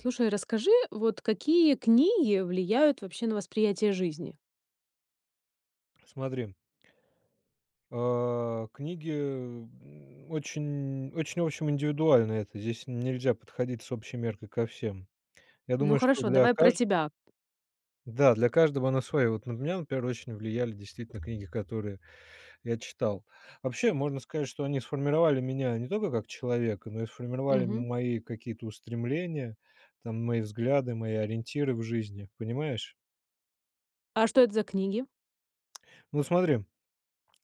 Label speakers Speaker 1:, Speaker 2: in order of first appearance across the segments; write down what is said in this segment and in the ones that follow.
Speaker 1: Слушай, расскажи, вот какие книги влияют вообще на восприятие жизни?
Speaker 2: Смотри А, книги, э, м, очень очень, в общем, индивидуально это. Здесь н нельзя подходить с общей меркой ко всем. Я
Speaker 1: Ну,
Speaker 2: думаю, что
Speaker 1: хорошо,
Speaker 2: для
Speaker 1: давай про
Speaker 2: кажд
Speaker 1: тебя.
Speaker 2: да, для каждого она своя. Вот на меня, например, очень влияли действительно книги, которые я читал. Вообще, можно сказать, что они сформировали меня не только как человека, но и сформировали
Speaker 1: Мгм.
Speaker 2: м мои какие-то устремления, там, мои взгляды, мои ориентиры в жизни, понимаешь.
Speaker 1: А что это за книги?
Speaker 2: Ну смотри.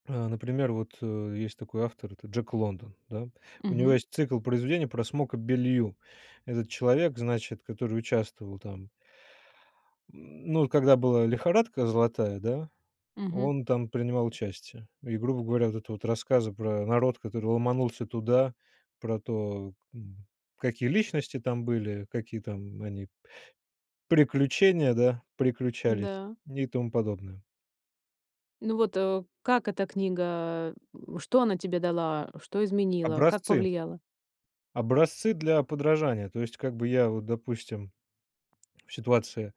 Speaker 2: Э, например вот, э, есть такой автор- это Джек Лондон, да. У него
Speaker 1: Мгм.
Speaker 2: есть цикл произведений про Смока Беллью. Этот человек, значит, который участвовал там. М, ну когда была лихорадка золотая, да,
Speaker 1: Мгм.
Speaker 2: он там принимал участие. И, грубо говоря, это вот рассказы про народ, который ломанулся туда, про то, м, какие личности там были, какие там они, приключения, да, приключались.
Speaker 1: Да.
Speaker 2: И тому подобное.
Speaker 1: Ну вот, э, как эта книга, э, н что она тебе дала, что изменила, как
Speaker 2: Образцы.
Speaker 1: повлияла?
Speaker 2: Образцы для подражания. То есть как бы я вот, допустим, в ситуации,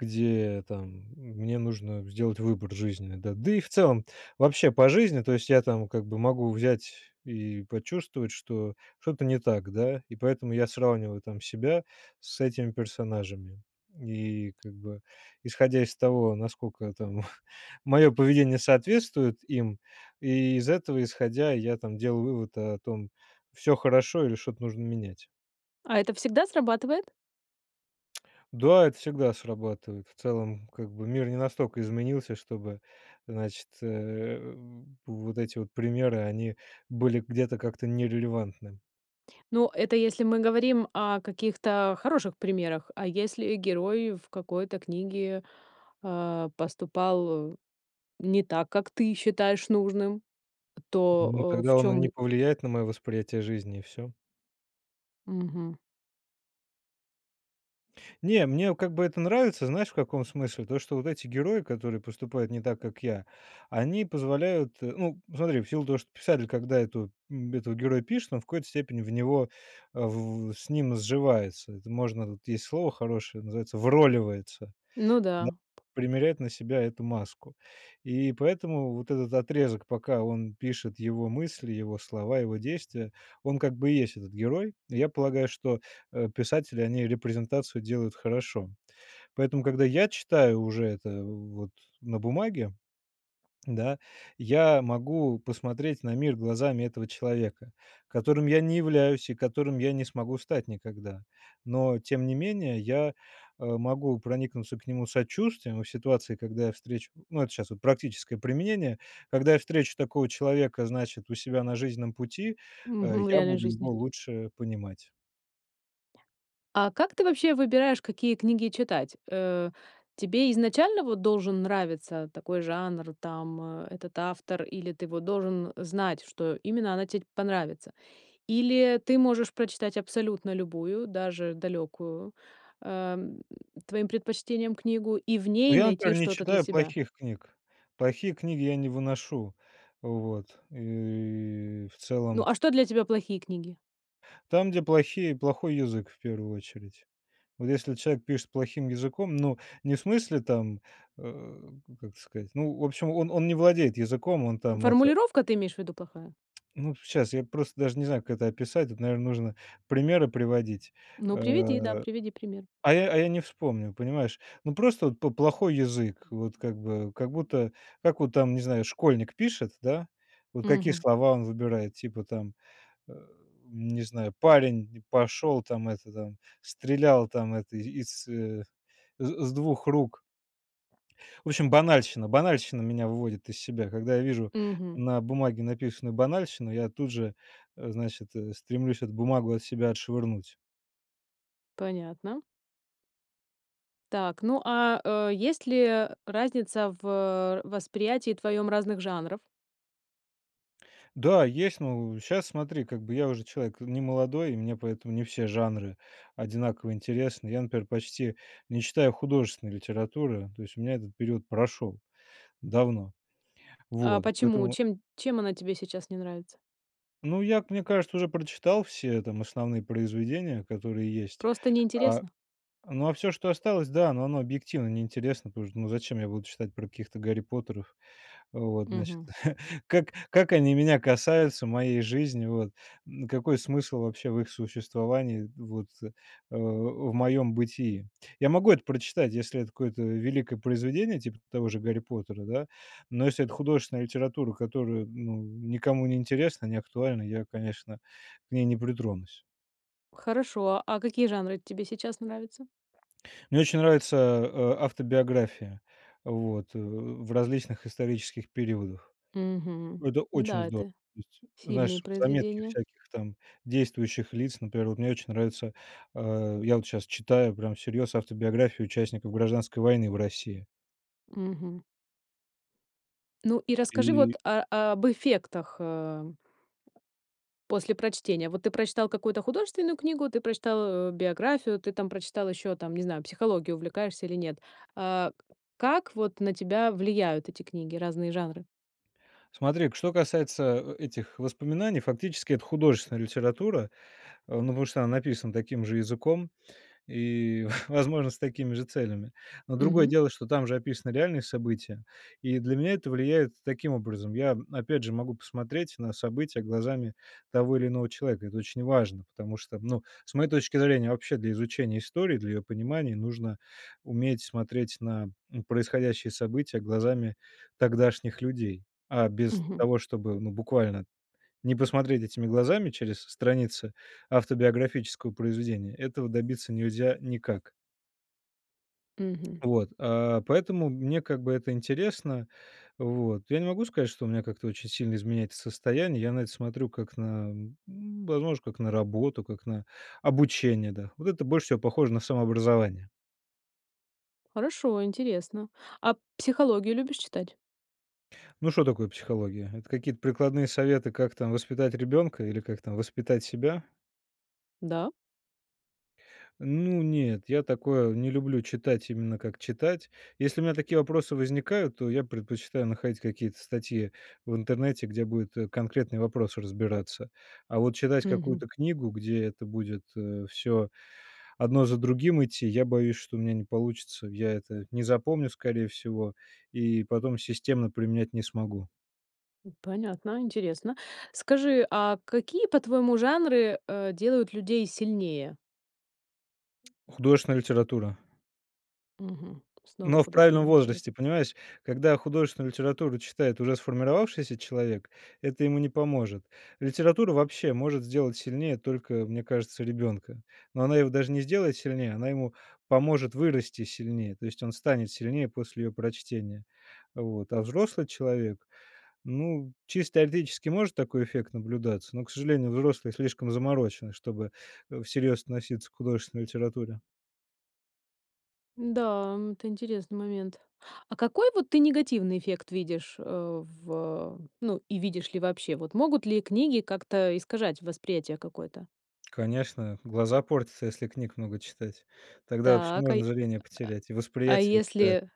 Speaker 2: где, там м мне нужно сделать выбор жизненный, да да и в целом вообще по жизни, то есть я там как бы могу взять и почувствовать, что что-то не так, да. И поэтому я сравниваю там себя с этими персонажами. И как бы исходя из того, насколько там моё поведение соответствует им, и из этого исходя я там делал вывод, о том, всё хорошо или что-то нужно менять.
Speaker 1: А это всегда срабатывает?
Speaker 2: Да, это всегда срабатывает. В целом, как бы мир не настолько изменился, чтобы, значит, э, вот эти вот примеры, они были где-то как-то нерелевантны.
Speaker 1: Ну, это если мы говорим о каких-то хороших примерах. А если герой в какой-то книге, а, поступал не так, как ты считаешь нужным,
Speaker 2: Ну,
Speaker 1: то, э, в
Speaker 2: тогда он и
Speaker 1: чём
Speaker 2: не
Speaker 1: л
Speaker 2: повлияет на моё восприятие жизни и всё.
Speaker 1: Мгм.
Speaker 2: Не, мне как бы это нравится. Знаешь в каком смысле? То, что вот эти герои, которые поступают не так, как я, они позволяют, э Ну, смотри, в силу того что писатель, когда эту м, этого героя пишет, он в какой-то степени в него, э, в в с ним сживается. Это можно, вот есть слово хорошее- называется "вроливается".
Speaker 1: Ну
Speaker 2: На
Speaker 1: да.
Speaker 2: Примеряет на себя эту маску. И поэтому вот этот отрезок, пока он пишет, его мысли, его слова, его действия, он как бы и есть этот герой. Я полагаю, что, э, писатели, они репрезентацию делают хорошо. Поэтому, когда я читаю уже это в вот на бумаге, да, я могу посмотреть на мир глазами этого человека, которым я не являюсь, и которым я не смогу стать никогда. Но тем не менее я, э, могу проникнуться к нему сочувствием во ситуации, когда я встречу ну, это щас вот практическое применение, когда я встречу такого человека, значит, у себя на жизненном пути, э,
Speaker 1: Мгм, в
Speaker 2: я
Speaker 1: реальной
Speaker 2: буду его
Speaker 1: жизни.
Speaker 2: лучше понимать.
Speaker 1: А как ты вообще выбираешь, какие книги читать? Э, тебе изначально вот должен нравиться такой жанр, там, этот автор, или ты вот должен знать, что именно она те понравится? Или ты можешь прочитать абсолютно любую, даже далёкую, эм, твоим предпочтениям книгу и в
Speaker 2: Ну,
Speaker 1: ней
Speaker 2: я, например,
Speaker 1: найти
Speaker 2: не
Speaker 1: что-то для
Speaker 2: читаю
Speaker 1: себя?
Speaker 2: плохих книг, плохие книги я не выношу. Вот, и в
Speaker 1: Ну,
Speaker 2: целом
Speaker 1: а что для тебя плохие книги?
Speaker 2: Там, где плохие плохой язык в 1 очередь. Вот если человек пишет плохим языком, ну, не в смысле там, э, как сказать, ну, в общем, он он не владеет языком, он там это
Speaker 1: Формулировка, ты имеешь в виду, плохая?
Speaker 2: Ну, щас я просто даже не знаю, как это описать. Это, наверно, нужно примеры приводить, э,
Speaker 1: Ну, приведи, да приведи пример.
Speaker 2: а я а я не вспомню, понимаешь? Ну, просто вот по плохой язык, вот как бы, как будто, как вон там, не знаю, школьник пишет, да, вот какие
Speaker 1: Мгм.
Speaker 2: слова он выбирает, типа там, э, не знаю, парень н пошел, там, это, там, стрелял там, это, из, э, з с 2 рук. В общем, банальщина, банальщина меня выводит из себя. Когда я вижу
Speaker 1: Мгм.
Speaker 2: на бумаге написанную банальщину, я тут же, э, значит, стремлюсь эту бумагу от себя отшвырнуть.
Speaker 1: Понятно. Так, ну а, э, есть ли, э, разница в, э, в восприятии твоём разных жанров?
Speaker 2: Да, есть. Но в щас, смотри, как бы я уже человек н не молодой, и мне поэтому не все жанры одинаково интересны. Я, например, почти не читаю художественной литературы, то есть у меня этот период прошел. Давно.
Speaker 1: А
Speaker 2: Вот,
Speaker 1: почему,
Speaker 2: поэтому
Speaker 1: чем чем она тебе сейчас не нравится?
Speaker 2: Ну, я, как мне кажется, уже прочитал все там основные произведения, которые есть.
Speaker 1: Просто не
Speaker 2: А,
Speaker 1: интересно?
Speaker 2: ну а всё, что осталось, да, но оно объективно не интересно, потому что, ну, зачем я буду читать про каких-то Гарри Поттеров? Вот, значит.
Speaker 1: Мгм.
Speaker 2: Как как они меня касаются, моей жизни, вот. М, какой смысл вообще в их существовании, вот, э, в моем бытии. Я могу это прочитать, если это какое-то, э, великое произведение, типа т того же Гарри Поттера, да, но если это художественная литература, которая, ну, м, никому не интересна, не актуальна, я, конечно, к ней не притронусь.
Speaker 1: Хорошо. А какие жанры тебе сейчас нравятся?
Speaker 2: Мне очень нравится, э, э, автобиография вот в в различных исторических периодах.
Speaker 1: Мгм.
Speaker 2: Это очень
Speaker 1: Да,
Speaker 2: здо
Speaker 1: это
Speaker 2: ыть
Speaker 1: сильные
Speaker 2: Знаешь, заметки
Speaker 1: произведения.
Speaker 2: всяких там действующих лиц, например, вот мне очень нравится, э, я вот щас читаю прямо всерьез автобиографии участников Гражданской войны в России.
Speaker 1: Мгм. Ну, и расскажи вот,
Speaker 2: И
Speaker 1: а, а, об эффектах, э. После прочтения. Вот ты прочитал какую-то художественную книгу, ты прочитал, э, биографию, ты там прочитал ещё, там, не знаю, психологией увлекаешься или нет. Э, как вот на тебя влияют эти книги, разные жанры?
Speaker 2: Смотри-ка, что касается, э, этих воспоминаний, фактически это художественная литература, э, ну потому что она написана таким же языком и, возможно, с такими же целями. Но другое
Speaker 1: Мгм.
Speaker 2: дело, что там же описаны реальные события, и для меня это влияет таким образом. Я, опять же, могу посмотреть на события глазами того или иного человека. Это очень важно, потому что, ну, с моей точки зрения, вообще для изучения истории, для её понимания нужно уметь смотреть на, м, происходящие события глазами тогдашних людей, а без
Speaker 1: Мгм.
Speaker 2: того чтобы, ну, буквально не посмотреть этими глазами через страницы автобиографического произведения, этого добиться нельзя никак.
Speaker 1: Мгм.
Speaker 2: Вот, э, поэтому мне как бы это интересно. Вот, я не могу сказать, что у меня как-то очень сильно изменяется состояние. Я на это смотрю как на, м, возможно, как на работу, как на обучение, да. Вот это больше всего похоже на самообразование.
Speaker 1: Хорошо, интересно. А психологию любишь читать?
Speaker 2: Ну, что такое психология? Это какие-то прикладные советы, как там воспитать ребенка или как там воспитать себя?
Speaker 1: Да.
Speaker 2: Ну, нет, я такое не люблю читать, именно как читать. Если у меня такие вопросы возникают, то я предпочитаю находить какие-то статьи в интернете, где будет, э, конкретный вопрос разбираться. А вот читать
Speaker 1: Мгм.
Speaker 2: какую-то книгу, где это будет, э, всё одно за другим идти, я боюсь, что у меня не получится. Я это не запомню, скорее всего, и потом системно применять не смогу.
Speaker 1: М, понятно, интересно. Скажи, а какие, по-твоему, жанры, э, делают людей сильнее?
Speaker 2: Художественная литература.
Speaker 1: Мгм, снова
Speaker 2: Но в правильном
Speaker 1: художественная
Speaker 2: возрасте
Speaker 1: литература.
Speaker 2: понимаешь, когда художественную литературу читает уже сформировавшийся человек, это ему не поможет. Литература вообще может сделать сильнее только, мне кажется, ребенка, но она его даже не сделает сильнее, она ему поможет вырасти сильнее, то есть он станет сильнее после её прочтения. Вот. А взрослый человек, ну, чисто теоретически может такой эффект наблюдаться, но, к сожалению, взрослые слишком заморочены, чтобы, э, всерьез относиться к художественной литературе.
Speaker 1: М-да, м. Это интересный момент. А какой вот ты негативный эффект видишь, а, в а, ну и видишь ли вообще, вот могут ли книги как-то, э, искажать восприятие какое-то?
Speaker 2: Конечно, глаза портятся, если книг много читать. Тогда вообще
Speaker 1: Так, а,
Speaker 2: можно зрение потерять, и
Speaker 1: а
Speaker 2: восприятие у тебя
Speaker 1: если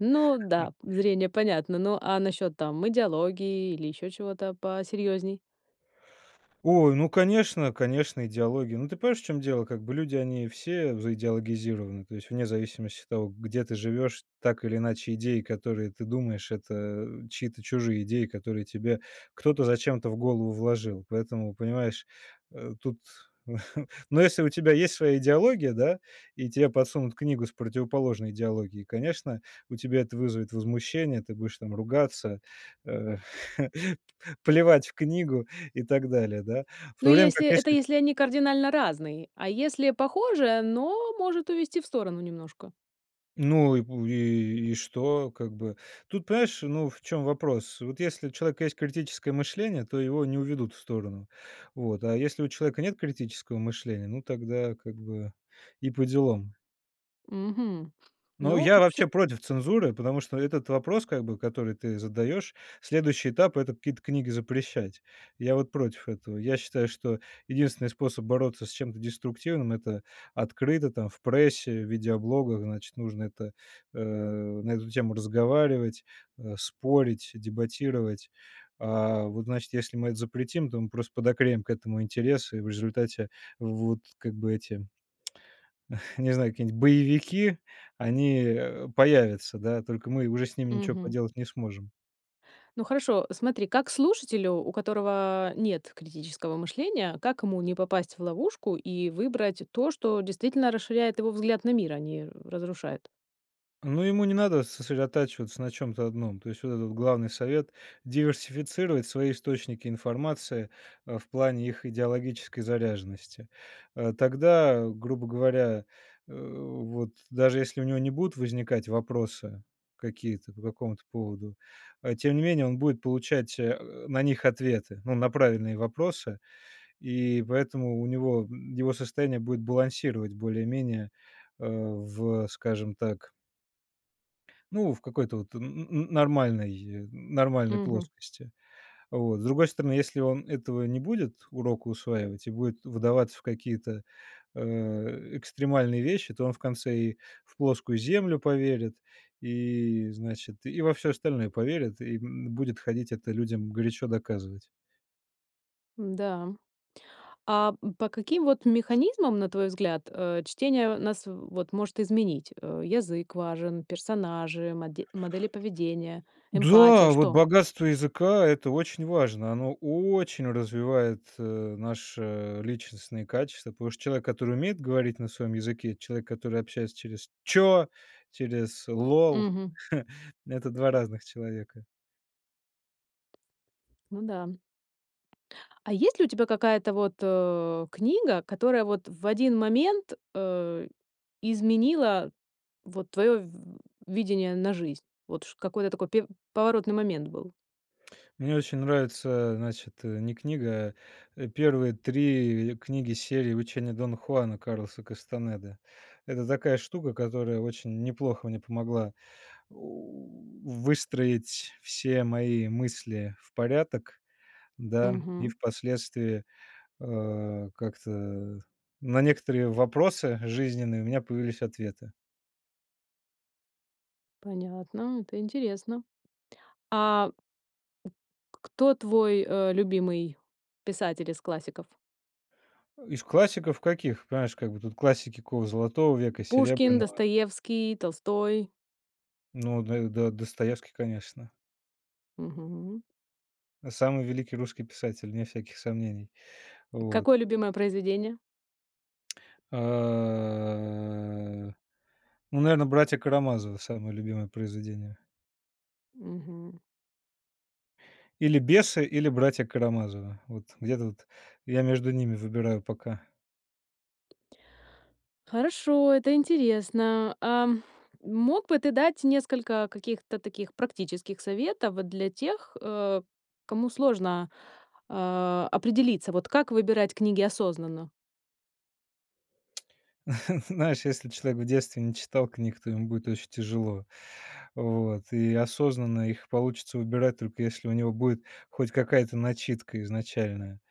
Speaker 1: Ну да, п зрение понятно. Ну, а насчёт, там, идеологии или ещё чего-то посерьёзней?
Speaker 2: Ой, ну конечно, конечно идеология. Ну, ты понимаешь, в чём дело, как бы люди, они все заидеологизированы, то есть вне зависимости от того, где ты живешь, так или иначе идеи, которые ты думаешь, это, э, чьи-то чужие идеи, которые тебе кто-то зачем-то в голову вложил. Поэтому, понимаешь, э, тут. Но если у тебя есть своя идеология, да, и тебе подсунут книгу с противоположной идеологией, конечно, у тебя это вызовет возмущение, ты будешь там ругаться, э, п пл плевать в книгу и так далее, да. В
Speaker 1: Ну,
Speaker 2: то время как
Speaker 1: если, это
Speaker 2: если
Speaker 1: если они кардинально разные, а если похожи, но может увести в сторону немножко?
Speaker 2: Ну и в и, и что? Как бы. Тут, понимаешь, ну, в чём вопрос: вот если у человека есть критическое мышление, то его не уведут в сторону, вот. А если у человека нет критического мышления, ну, тогда, как бы, и поделом.
Speaker 1: Мгм.
Speaker 2: Но
Speaker 1: Но
Speaker 2: я
Speaker 1: всё.
Speaker 2: вообще против цензуры, потому что этот вопрос, как бы, который ты задаешь, следующий этап- это какие-то книги запрещать. Я вот против этого. Я считаю, что единственный способ бороться с чем-то деструктивным- это открыто, там, в прессе, в видеоблогах, значит, нужно это, а, на эту тему разговаривать, а, спорить, дебатировать. А, вот, значит, если мы это запретим, то мы просто подогреем к этому интерес и в результате, вот, как бы, эти не знаю, какие-нибудь боевики, они, э, появятся, да, только мы уже с ними ничего
Speaker 1: Мгм.
Speaker 2: поделать не сможем.
Speaker 1: Ну хорошо, смотри, как слушателю, у которого нет критического мышления, как ему не попасть в ловушку и выбрать то, что действительно расширяет его взгляд на мир, а не разрушает?
Speaker 2: Ну, ему не надо сосредотачиваться на чем-то одном, то есть вот этот вот главный совет- диверсифицировать свои источники информации, а, в плане их идеологической заряженности. А, тогда, грубо говоря, э, вот даже если у него не будут возникать вопросы какие-то по какому-то поводу, а тем не менее он будет получать, а, на них ответы, ну, на правильные вопросы, и поэтому у него, м, его состояние будет балансировать более-менее, а, в, скажем так Ну, в какой-то вот н н н нормальной нормальной
Speaker 1: Мгм.
Speaker 2: плоскости. Вот. С другой стороны, если он этого не будет урока усваивать и будет вдаваться в какие-то, а, экстремальные вещи, то он в конце и в плоскую Землю поверит, и, значит, и во всё остальное поверит, и, м, будет ходить это людям горячо доказывать.
Speaker 1: Да. А, м, по каким вот механизмам, на твой взгляд, э, чтение нас вот может изменить? Э, язык важен, персонажи, моде модели поведения, эмпатия,
Speaker 2: Да, вот
Speaker 1: что?
Speaker 2: богатство языка- это очень важно, оно очень развивает, э, наши личностные качества, потому что человек, который умеет говорить на своем языке, и человек, который общается через "чё", через "лол",-
Speaker 1: Мгм.
Speaker 2: это 2 разных человека.
Speaker 1: Ну да. А есть ли у тебя какая-то вот, э, книга, которая вот в 1 момент, э, изменила вот твоё в видение на жизнь? Вот чт какой-то такой пе поворотный момент был.
Speaker 2: Мне очень нравится, а, значит, не книга, э, первые 3 книги серии "Учения Дона Хуана" Карлоса Кастанеды. Это такая штука, которая очень неплохо мне помогла, о, у, выстроить все мои мысли в порядок, да, и
Speaker 1: Мгм.
Speaker 2: впоследствии, э, как-то на некоторые вопросы жизненные у меня появились ответы.
Speaker 1: Понятно, м, это интересно. А Кто твой, э, любимый писатель из классиков?
Speaker 2: Из классиков каких? Понимаешь, как бы тут классики какого золотого века,
Speaker 1: Пушкин,
Speaker 2: серебряного.
Speaker 1: Достоевский, Толстой?
Speaker 2: Ну, До До Достоевский, конечно.
Speaker 1: Мгм.
Speaker 2: Самый великий русский писатель, вне всяких сомнений. Вот.
Speaker 1: Какое любимое произведение?
Speaker 2: А. Ну, наверное, "Братья Карамазовы"- самое любимое произведение.
Speaker 1: Мгм.
Speaker 2: Или "Бесы", или "Братья Карамазовы". Вот где-то вот, я между ними выбираю пока.
Speaker 1: Хорошо, это интересно. Ам, мог бы ты дать несколько каких-то таких практических советов для тех, э, кому сложно, а, определиться: вот как выбирать книги осознанно?
Speaker 2: Знаешь, если человек в детстве не читал книг, то ему будет очень тяжело. Вот. И осознанно их получится выбирать, только если у него будет хоть какая-то начитка изначальная.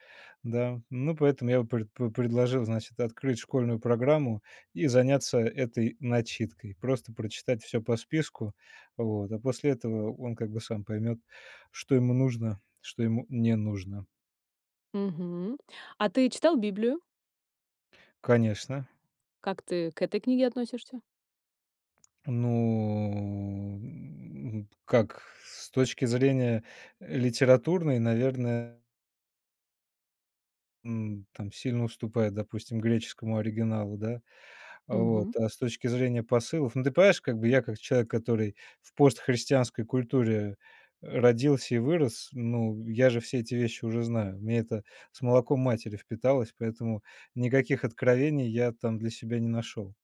Speaker 2: Да. Ну, поэтому я бы пред пре предложил, значит, открыть школьную программу и заняться этой начиткой. Просто прочитать всё по списку. Вот. А после этого он как бы сам поймет, что ему нужно, что ему не нужно.
Speaker 1: Мгм. А ты читал Библию?
Speaker 2: Конечно.
Speaker 1: Как ты к этой книге относишься?
Speaker 2: Ну, м, как с точки зрения, э, литературной, наверное М, там сильно уступает, допустим, греческому оригиналу, да, вот.
Speaker 1: Мгм.
Speaker 2: А с точки зрения посылов, ну, ты понимаешь, как бы я, как человек, который в постхристианской культуре, э, родился и вырос, ну, я же все эти вещи уже знаю, мне это с молоком матери впиталось, поэтому никаких откровений я там для себя не нашел.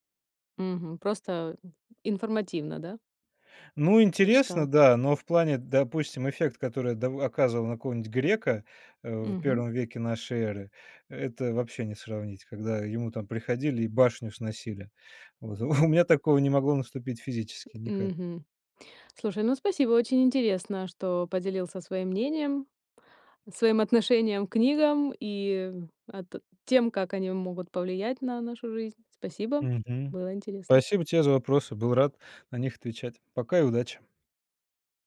Speaker 1: Мгм. Просто, м, информативно, да?
Speaker 2: Ну, интересно,
Speaker 1: Прочитал.
Speaker 2: да, но в плане, допустим, эффект, который дав оказывал на какого-то грека, э, в
Speaker 1: Мгм.
Speaker 2: 1 веке нашей эры, это вообще не сравнить, когда ему там приходили и башню сносили. Вот у меня такого не могло наступить физически никак.
Speaker 1: Мгм. Слушай, ну спасибо, очень интересно, что поделился своим мнением, своим отношением к книгам и, а, т тем, как они могут повлиять на нашу жизнь. Спасибо,
Speaker 2: Мгм.
Speaker 1: было интересно.
Speaker 2: Спасибо тебе за вопросы, был рад на них отвечать! Пока и удачи!